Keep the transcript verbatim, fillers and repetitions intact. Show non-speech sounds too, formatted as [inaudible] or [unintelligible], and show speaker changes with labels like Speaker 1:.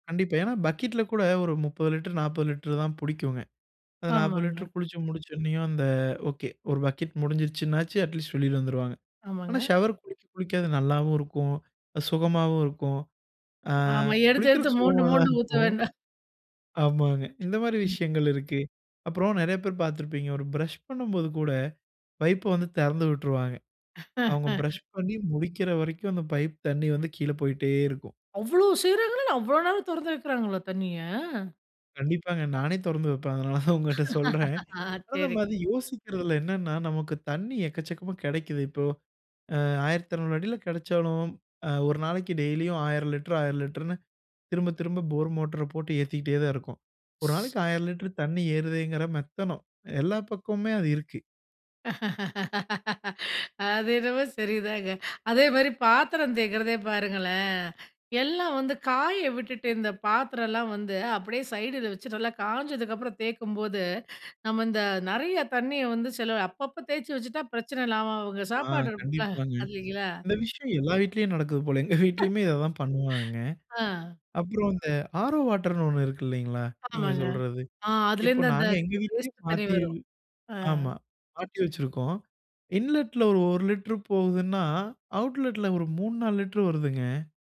Speaker 1: கண்டிப்பா. ஏன்னா பக்கெட்டில கூட ஒரு முப்பது லிட்டர் நாப்பது லிட்டர் தான் புடிக்குமே. அந்த நாப்பது
Speaker 2: ஆமாங்க.
Speaker 1: லிட்டர் குளிச்சு முடிச்சோன்னேயும், அந்த ஓகே ஒரு பக்கெட் முடிஞ்சிடுச்சுனாச்சும், அட்லீஸ்ட் வெளில வந்துருவாங்க. ஆனா,
Speaker 2: ஆமாங்க.
Speaker 1: ஷவர் குளிக்க குளிக்க அது நல்லாவும் இருக்கும். அது சுகமாவும் இருக்கும். அ
Speaker 2: ஆமா எடுத்து எடுத்து
Speaker 1: குளிக்கிறதுக்கு
Speaker 2: மோண்டு
Speaker 1: சுகமாதான்
Speaker 2: மோண்டு ஊத்த
Speaker 1: இருக்கும்.
Speaker 2: வேண்டாம். [chuckles]
Speaker 1: [chuckles] ஆமாங்க. இந்த மாரி
Speaker 2: ம்.
Speaker 1: விஷயங்களிருக்கு அப்பறம் நெறைய பேர் பாத்திருப்பீங்க. ஒரு பிரஷ் பண்ணும்போது கூட, பைப்ப வந்து திறந்து விட்டுருவாங்க. அவுங்க பிரஷ்
Speaker 2: [laughs]
Speaker 1: பண்ணி முடிக்கிற வரைக்கும், அந்த பைப் தண்ணீ வந்து கீழ போய்ட்டே இருக்கும்.
Speaker 2: அவ்வளோ செய்றாங்களா என்ன அவ்வளோ நேரம் திறந்து வைக்கிறாங்களா தண்ணீய.
Speaker 1: கண்டிப்பாங்க, நானே தொறந்து வைப்பேன். அதனால தான் உங்கட்ட சொல்றேன்.
Speaker 2: [laughs] ஆ,
Speaker 1: ஆனா
Speaker 2: சரி.
Speaker 1: நம்ம அது யோசிக்கிறதில்ல என்னன்னா, நமக்கு தண்ணீ எக்கச்சக்கமா கிடைக்குது. இப்போ, அ ஆயிரத்தெறநூறு அடியில கெடைச்சாலும் ஒரு நாளைக்கு டெய்லியும் ஆயிரம் லிட்டர், ஆயிரம் லிட்டர்ன்னு திரும்ப திரும்ப, போர் மோ-ட்டர போட்டு ஏத்திக்கிட்டே தான் இருக்கோம். ஒரு நாளைக்கு ஆயிரம் லிட்டர் தண்ணி ஏறுதேங்கிற மெத்தனம் எல்லா பக்கமுமே அது இருக்கு.
Speaker 2: அது என்னமோ சரிதாங்க. அதே மாதி பாத்திரம் தேய்கிறதே பாருங்களேன், எல்லாம் வந்து காய விட்டுட்டு இந்த பாத்திரம்லாம் வந்து, அப்படியே சைடில வச்சு நல்லா காஞ்சதுக்கு அப்புறம் தேய்க்கும்போது, நம்ம இந்த நிறைய தண்ணீய வந்து செலவு அப்பப்போ தேய்ச்சு வச்சுட்டா பிரச்சனை இல்லாம அவுங்க
Speaker 1: ஆ
Speaker 2: சாப்பாடு
Speaker 1: கண்டிப்பாங்க.
Speaker 2: [unintelligible]
Speaker 1: இந்த விஷயம் எல்லா வீட்லயும் நடக்குது போலயேங்க! எங்க
Speaker 2: [chuckles]
Speaker 1: வீட்லயுமே இதைதான் பண்ணுவாங்க.
Speaker 2: ஆ.
Speaker 1: அப்புறம் இந்த ஆரோ வாட்டர்னு ஒண்ணு இருக்கு இல்லைங்களா! நீங்க
Speaker 2: ஆமாங்க.
Speaker 1: சொல்றது.
Speaker 2: அ
Speaker 1: இப்போ
Speaker 2: அதுலேருந்து அந்த
Speaker 1: நாங்க எங்க வீட்டிலேயே
Speaker 2: வேஸ்ட் தண்ணீ
Speaker 1: மாத்தி ஆமா
Speaker 2: வரும்.
Speaker 1: மாத்தி வச்சிருக்கோம். இன்லெட்ல ஒரு ஒரு லிட்டர் போகுதுன்னா, அவுட்லெட்ல ஒரு மூணு, நாலு லிட்டர் வருதுங்க.